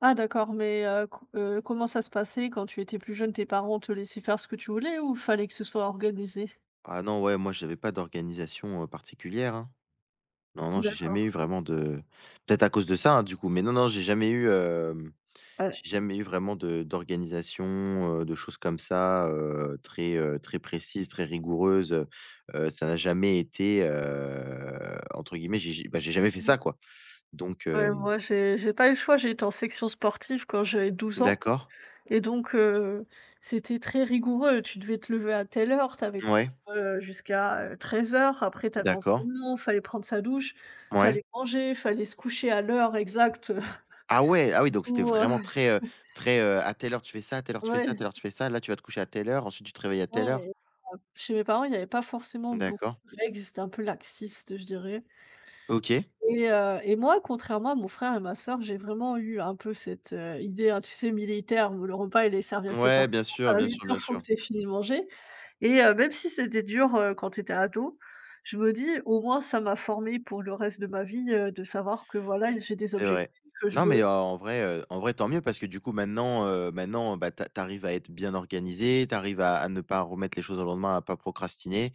Ah d'accord, mais, heu, co heu, comment ça se passait quand tu étais plus jeune, tes parents te laissaient faire ce que tu voulais ou il fallait que ce soit organisé? Ah non ouais, moi j'avais pas d'organisation, heu, particulière hein! Non, non, j'ai jamais D'accord. eu vraiment de peut-être à cause de ça, hein, du coup, mais non, non, j'ai jamais eu, hem, Ah ouais. j'ai jamais eu vraiment de d'organisation, heu, de choses comme ça, heu, très, heu, très précises, très rigoureuses, heu. Heu, ça a jamais été heu entre guillemets, j'ai j'ai bah, j'ai jamais fait ça Ouais. quoi! Donc, Ouais, hem moi j'ai j'ai pas eu le choix, j'ai été en section sportive quand j'avais 12 ans, D'accord. et donc, heu, c'était très rigoureux. Tu devais te lever à telle heure, tu avais cours, Ouais. heu, jusqu'à, heu, 13:00, après tu avais D'accord. entrainement, fallait prendre sa douche, Ouais. fallait manger, fallait se coucher à l'heure exacte heu Ah ouais! Ah oui, donc, c'était où heu vraiment très, heu, très, heu: à telle heure tu fais ça, à telle heure tu fais ça, à Ouais. telle heure tu fais ça. Là, tu vas te coucher à telle heure, ensuite, tu te réveilles à telle Ouais, heure. et [unintelligible] Chez mes parents il y avait pas forcément beaucoup D'accord. de règles, ils étaient un peu laxistes, je dirais. OK. Et heu, et moi, contrairement à mon frère et ma sœur, j'ai vraiment eu un peu cette, heu, idée, hein, tu sais militaire, où le repas il est servi à sept Ouais, heures bien trente, sûr, à bien huit sûr, heures bien il faut que sûr. tu aies fini de manger. Et heu, même si c'était dur, heu, quand j'étais ado, je me dis: «au moins ça m'a formé pour le reste de ma vie, heu, de savoir que voilà, j'ai des C'est vrai. objectifs, je Non mais veux» en vrai, heu en vrai tant mieux, parce que du coup maintenant, heu, maintenant, bah tu a tu arrives à être bien organisée, tu arrives à à ne pas remettre les choses au lendemain, à pas procrastiner,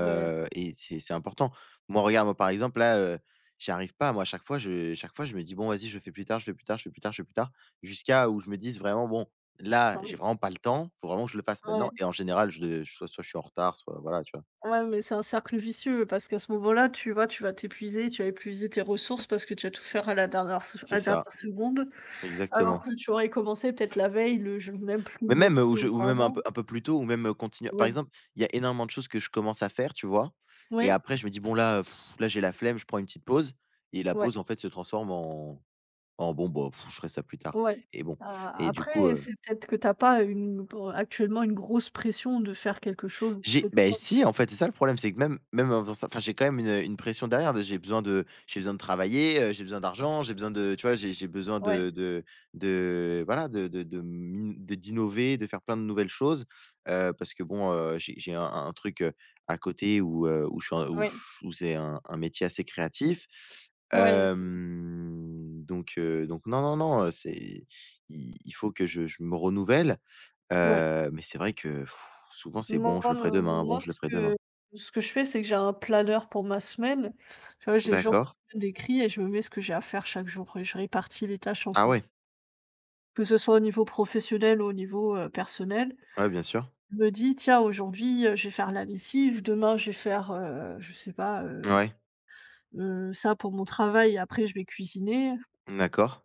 Ouais. et c'est c'est important. Moi regarde, moi par exemple, là, heu, j'y arrive pas moi, chaque fois je chaque fois je me dis: «Bon, vas-y, je le fais plus tard, je fais plus tard, je fais plus tard, je fais plus tard», jusqu'à où je me dise vraiment: «Bon, là, Ah j'ai oui. vraiment pas le temps, faut vraiment que je le fasse Ah ouais. maintenant.» Et en général je le soit soit je suis en retard, soit voilà, tu vois? Ouais, mais c'est un cercle vicieux parce qu'à ce moment-là, tu vois, tu vas t'épuiser, tu vas épuiser tes ressources parce que tu vas tout faire à la dernière f à C'est la ça. dernière seconde, alors Exactement. que tu aurais commencé, peut-être la veille, [unintelligible] plus Mais lon même, ou je ou longtemps même un peu avant. un peu plus tôt, ou même, heu, continuer par Ouais. exemple il y a énormément de choses que je commence à faire, tu vois? Et Ouais. après je me dis: «Bon là, heu, pff, là j'ai la flemme, je prends une petite pause», et la Ouais. pause en fait se transforme en en: «Bon bah pff, je ferai ça plus tard.» Ouais. Et bon A et du coup, après heu c'est peut-être que tu as pas une pour, heu, actuellement une grosse pression de faire quelque chose J'ai, bah et [unintelligible] si, en fait c'est ça le problème, c'est que même même, heu, enfin ça enfin j'ai quand même une, heu, une pression derrière, de j'ai besoin de j'ai besoin de travailler, heu, j'ai besoin d'argent, j'ai besoin de, tu vois? J'ai j'ai besoin Ouais. de de de, voilà, de de de m'i de d'innover, de faire plein de nouvelles choses, heu, parce que bon, heu j'ai j'ai un un truc, heu, à côté où, heu, où je suis un où Oui. ch où c'est un un métier assez créatif. Ouais, heu, c'est Hem donc, heu, donc, non, non, non, heu, c'est, i il faut que je je me renouvelle, Ouais. heu, mais c'est vrai que, souvent c'est: Non, «bon je le ferai heu, demain, bon moi je le ce ferai que demain.» ce que je fais c'est que j'ai un planeur pour ma semaine, tu vois? J'ai les jours de D'accord. la semaine d'écrits et je me mets ce que j'ai à faire chaque jour, et je répartis les tâches en Ah fon ouais! Que ce soit au niveau professionnel ou au niveau, heu, personnel, Ouais bien sûr. je me dis: «Tiens aujourd'hui, heu, je vais faire la lessive, demain je vais faire, heu, je sais pas, heu Ouais. heu, ça pour mon travail et après je vais cuisiner» Mmh, d'accord.